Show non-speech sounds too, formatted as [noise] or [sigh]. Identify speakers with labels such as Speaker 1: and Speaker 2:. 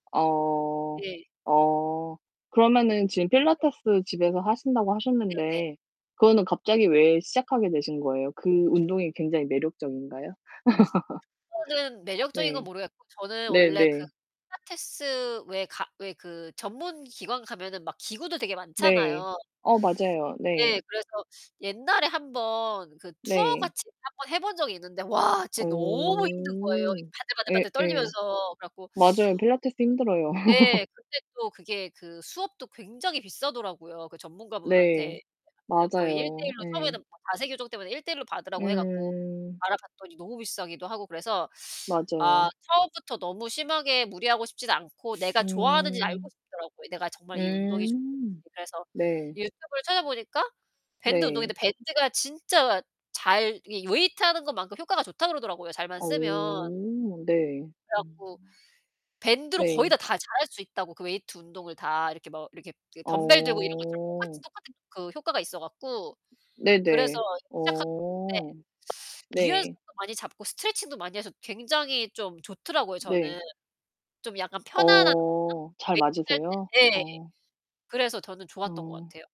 Speaker 1: 어.
Speaker 2: 예.
Speaker 1: 어. 그러면은 지금
Speaker 2: 네.
Speaker 1: 필라테스 집에서 하신다고
Speaker 2: 네네.
Speaker 1: 하셨는데 그거는 갑자기 왜 시작하게 되신 거예요? 그 운동이 굉장히 매력적인가요? [laughs]
Speaker 2: 저는 매력적인 건
Speaker 1: 네.
Speaker 2: 모르겠고 저는 원래 그
Speaker 1: 네네.
Speaker 2: 필라테스 왜 가 왜 그 전문 기관 가면은 막 기구들 되게
Speaker 1: 네.
Speaker 2: 많잖아요.
Speaker 1: 어 맞아요. 네.
Speaker 2: 네. 그래서 옛날에 1 번 그 투어
Speaker 1: 네.
Speaker 2: 같이 1 번 해 본 적이 있는데 와 진짜 너무 힘든 거예요, 이
Speaker 1: 어.
Speaker 2: 바들바들바들
Speaker 1: 예예.
Speaker 2: 떨리면서. 그래 갖고
Speaker 1: 맞아요. 필라테스 힘들어요.
Speaker 2: 네.
Speaker 1: [laughs]
Speaker 2: 근데 또 그게 그 수업도 굉장히 비싸더라고요. 그
Speaker 1: 네.
Speaker 2: 전문가분한테 여 거의
Speaker 1: 맞아요.
Speaker 2: 1:1로 처음에는
Speaker 1: 예.
Speaker 2: 막 자세 교정 때문에 1:1로 받으라고 해 갖고
Speaker 1: 음.
Speaker 2: 알아봤더니 너무 비싸기도 하고 그래서 아
Speaker 1: 맞아요.
Speaker 2: 처음부터 너무 심하게 무리하고 싶지도 않고 내가 좋아하는지 알고
Speaker 1: 음.
Speaker 2: 싶더라고요, 내가 정말 이 운동이 좋은지.
Speaker 1: 음
Speaker 2: 그래서
Speaker 1: 네.
Speaker 2: 유튜브를 찾아보니까 밴드
Speaker 1: 네.
Speaker 2: 운동인데 밴드가 진짜 잘 이 웨이트하는 것만큼 효과가 좋다고 그러더라고요, 잘만
Speaker 1: 어
Speaker 2: 쓰면.
Speaker 1: 네.
Speaker 2: 그래 갖고
Speaker 1: 음.
Speaker 2: 밴드로 거의
Speaker 1: 네.
Speaker 2: 다 다 잘할 수 있다고 그 웨이트 운동을 다 이렇게 뭐 이렇게 그 덤벨 들고 이런 것처럼 똑같이
Speaker 1: 어.
Speaker 2: 똑같은 효과가 있어 갖고 그래서
Speaker 1: 네네.
Speaker 2: 시작했는데
Speaker 1: 어 네.
Speaker 2: 유연성도 많이 잡고 스트레칭도 많이 해서 굉장히 좀 좋더라고요, 저는.
Speaker 1: 네.
Speaker 2: 좀 약간 편안하다고 했나
Speaker 1: 어. 잘
Speaker 2: 웨이트 할
Speaker 1: 맞으세요?
Speaker 2: 때 예.
Speaker 1: 어.
Speaker 2: 그래서 저는 좋았던 것
Speaker 1: 어.
Speaker 2: 같아요.